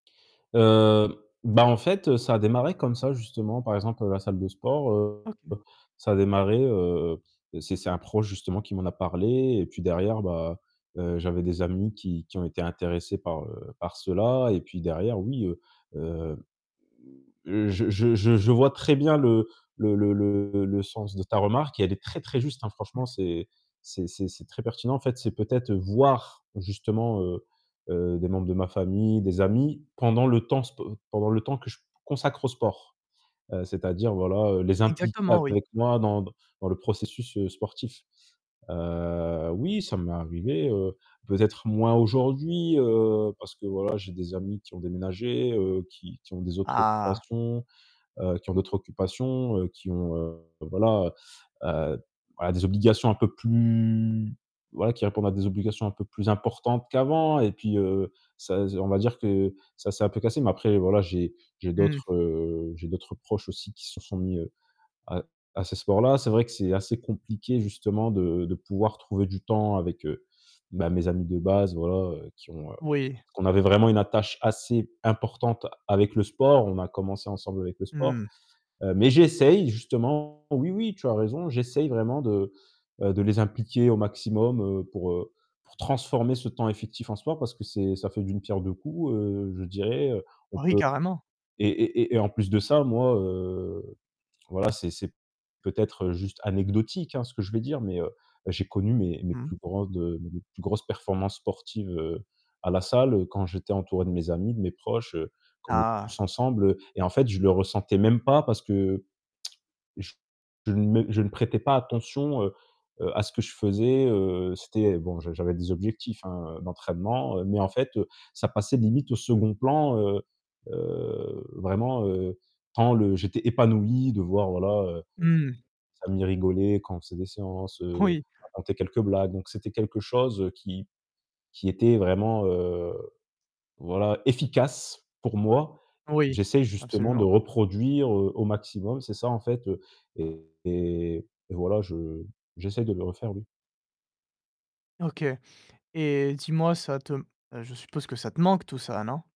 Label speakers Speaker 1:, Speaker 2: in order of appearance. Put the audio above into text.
Speaker 1: Heu, bah, en fait ça a démarré comme ça justement, par exemple la salle de sport, heu,
Speaker 2: OK.
Speaker 1: ça a démarré, heu, c'est c'est un proche justement qui m'en a parlé et puis derrière, bah, heu, j'avais des amis qui qui ont été intéressés par, heu, par cela et puis derrière oui, heu heu, je je je je vois très bien le le le le le sens de ta remarque et elle est très, très juste, hein.
Speaker 2: Mmh.
Speaker 1: Franchement, c'est c'est c'est c'est très pertinent en fait. C'est peut-être voir justement, heu heu, des membres de ma famille, des amis pendant le temps sp pendant le temps que je consacre au sport. Heu, c'est-à-dire voilà les impliquer
Speaker 2: Exactement, oui.
Speaker 1: avec moi dans dans dans le processus, heu, sportif. Heu, oui ça m'est arrivé, heu, peut-être moins aujourd'hui, heu, parce que voilà j'ai des amis qui ont déménagé, heu, qui qui ont des autres
Speaker 2: Ah!
Speaker 1: occupations, heu, qui ont d'autres occupations, heu, qui ont, heu, voilà, heu, voilà des obligations un peu plus voilà, qui répondent à des obligations un peu plus importantes qu'avant et puis, heu, ça, z on va dire que ça c'est un peu cassé, mais après voilà, j'ai j'ai
Speaker 2: Mmh.
Speaker 1: d'autres, heu, j'ai d'autres proches aussi qui se sont mis, heu, à à ces sports-là. C'est vrai que c'est assez compliqué justement de de pouvoir trouver du temps avec, heu, ben, mes amis de base, voilà, heu, qui ont heu,
Speaker 2: Oui.
Speaker 1: qu'on avait vraiment une attache assez importante avec le sport. On a commencé ensemble avec le sport,
Speaker 2: Mmh.
Speaker 1: heu, mais j'essaie justement, oui, oui, tu as raison. J'essaie vraiment de, heu, de les impliquer au maximum, heu, pour, heu, pour transformer ce temps effectif en soi parce que c'est ça fait d'une pierre deux coups, heu, je dirais, heu, on
Speaker 2: Oh, oui
Speaker 1: peut
Speaker 2: carrément.
Speaker 1: et et et et en plus de ça, moi heu, voilà, c'est c'est peut-être juste anecdotique hein, ce que je vais dire, mais heu, j'ai connu mes mes
Speaker 2: Mmh mh.
Speaker 1: plus grandes, mes plus grosses performances sportives, heu, à la salle quand j'étais entouré de mes amis, de mes proches, heu, qu'on était tous
Speaker 2: Ah!
Speaker 1: ensemble, heu et en fait, je le ressentais même pas parce que je je ne m je ne prêtais pas attention, heu-heu, à ce que je faisais, heu, c'était bon, j'avais des objectifs, hein, d'entraînement, mais en fait ça passait limite au second plan. Heu heu, vraiment, heu, quand le j'étais épanoui de voir, voilà, heu,
Speaker 2: Mmh.
Speaker 1: amis rigolaient quand on faisait des séances, heu,
Speaker 2: Oui.
Speaker 1: on racontait quelques blagues donc c'était quelque chose qui qui était vraiment, heu, voilà efficace pour moi.
Speaker 2: Oui,
Speaker 1: J'essaie justement de
Speaker 2: absolument.
Speaker 1: reproduire au maximum, c'est ça en fait, heu, et- et voilà, je j'essaie de le refaire, oui.
Speaker 2: OK et dis-moi ça te heu, je suppose que ça te manque tout ça non?